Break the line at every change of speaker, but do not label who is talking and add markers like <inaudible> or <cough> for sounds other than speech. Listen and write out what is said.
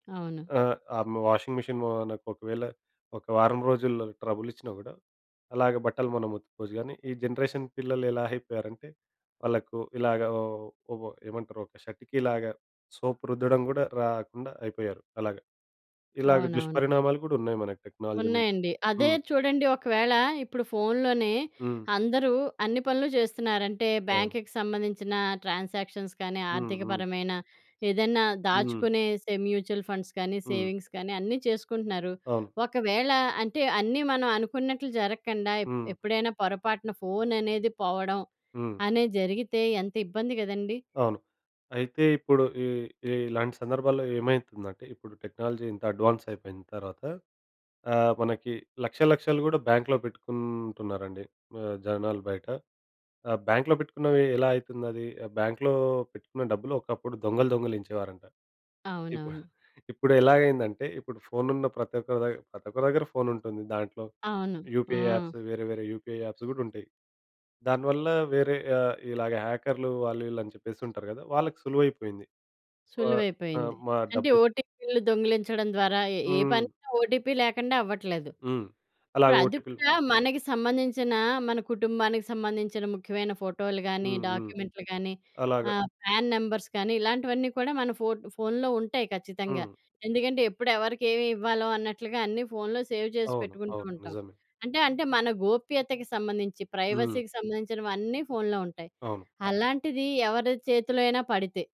అవును.
ఆహ్, ఆ! మ వాషింగ్ మిషన్ మ న ఒకవేళ ఒక వారం రోజుల్లో ట్రబుల్ ఇచ్చినా కూడా అలాగే బట్టలు మనం ఉత్తుకోవచ్చు గానీ ఈ జనరేషన్ పిల్లలు ఎలా అయిపోయారంటే వాళ్ళకు ఇలాగ ఒ ఒక ఏమంటారు ఒక షర్ట్‌కిలాగా సోప్ రుద్దడం కూడా రాకుండా అయిపోయారు అలాగా. ఇలాగ
అవును, అవును.
దుష్పరిణామాలు కూడా ఉన్నాయి మనకు టెక్నాలజీ నుంచి.
ఉన్నాయండి. అదే
హ్మ్.
చూడండి ఒకవేళ ఇప్పుడు ఫోన్‌లోనే
హ్మ్.
అందరూ అన్ని పనులు చేస్తున్నారంటే
అవును.
బ్యాంక్‌కి సంబంధించిన ట్రాన్సాక్షన్స్ కానీ
హుహు.
ఆర్థికపరమైన ఏదైనా
హ్మ్.
దాచుకునే సే మ్యూచువల్ ఫండ్స్ కానీ
హ్మ్.
సేవింగ్స్ కానీ అన్నీ చేసుకుంటున్నారు.
అవును.
ఒకవేళ అంటే అన్నీ మనం అనుకున్నట్లు జరగకుండా ఎప్
హ్మ్.
ఎప్పుడైనా పొరపాటున ఫోన్ అనేది పోవడం
హ్మ్.
అనేది జరిగితే ఎంత ఇబ్బంది గదండీ!
అవును. అయితే ఇప్పుడు ఈ ఇలాంటి సందర్భాల్లో ఏమైతుందంటే ఇప్పుడు టెక్నాలజీ ఇంత అడ్వాన్స్ అయిపోయిన తర్వాత ఆహ్, మనకి లక్షలు లక్షలు కూడా బ్యాంక్‌లో పెట్టుకుంటున్నారండి. ఆహ్, జనాలు బయట ఆహ్, బ్యాంక్‌లో పెట్టుకున్నవి ఎలా అయితుందది బ్యాంక్‌లో పెట్టుకున్న డబ్బులొకప్పుడు దొంగలు దొంగలించేవారంట. ఇప్పుడు <chuckles>
అవునవును.
ఇప్పుడెలాగైయిందంటే ఇప్పుడు ఫోన్ ఉన్న ప్రతి ఒక్క దగ ప్రతి ఒక్కరి దగ్గర ఫోన్ ఉంటుంది దాంట్లో
అవును.
యూపీఐ
ఆ!
యాప్స్ వేరే వేరే యూపీఐ యాప్స్ కూడా ఉంటాయి. దాని వల్ల వేరే ఆహ్, ఇలాగ హ్యాకర్లు వాళ్ళు వీళ్ళు అని చెప్పేసి ఉంటారు గదా! వాళ్ళకి సులువైపోయింది. ఆహ్, ఆ!
సులువైపోయింది.
మా
అంటే
డబ్బులు
ఓటీపీలు దొంగిలించడం ద్వారా ఎ ఏ
హ్మ్.
పనైన ఓటీపీ లేకుండా అవ్వట్లేదు.
హ్మ్. అలా
ఇప్పుడు అది
ఓటిపిలు
కూడా మనకి సంబంధించిన మన కుటుంబానికి సంబంధించిన ముఖ్యమైన ఫోటోలు గానీ,
హుహు.
డాక్యుమెంట్‌లు గానీ,
అలాగా.
ఆహ్, ఫ్యాన్ నంబర్స్ కానీ ఇలాంటివన్నీ కూడా మన ఫో ఫోన్‌లో ఉంటాయి ఖచ్చితంగా.
హ్మ్.
ఎందుకంటే ఎప్పుడు ఎవరికేమి ఇవ్వాలో అన్నట్లుగా అన్నీ ఫోన్‌లో సేవ్ చేసి
అవును.
పెట్టుకుంటూ
అవును.
ఉంటాం.
నిజమే.
అంటే, అంటే మన గోప్యతకు సంబంధించి
హ్మ్.
ప్రైవసీకి సంబంధించినవి అన్నీ ఫోన్‌లో ఉంటాయి.
అవును.
అలాంటిది ఎవరి చేతిలో అయినా పడితే?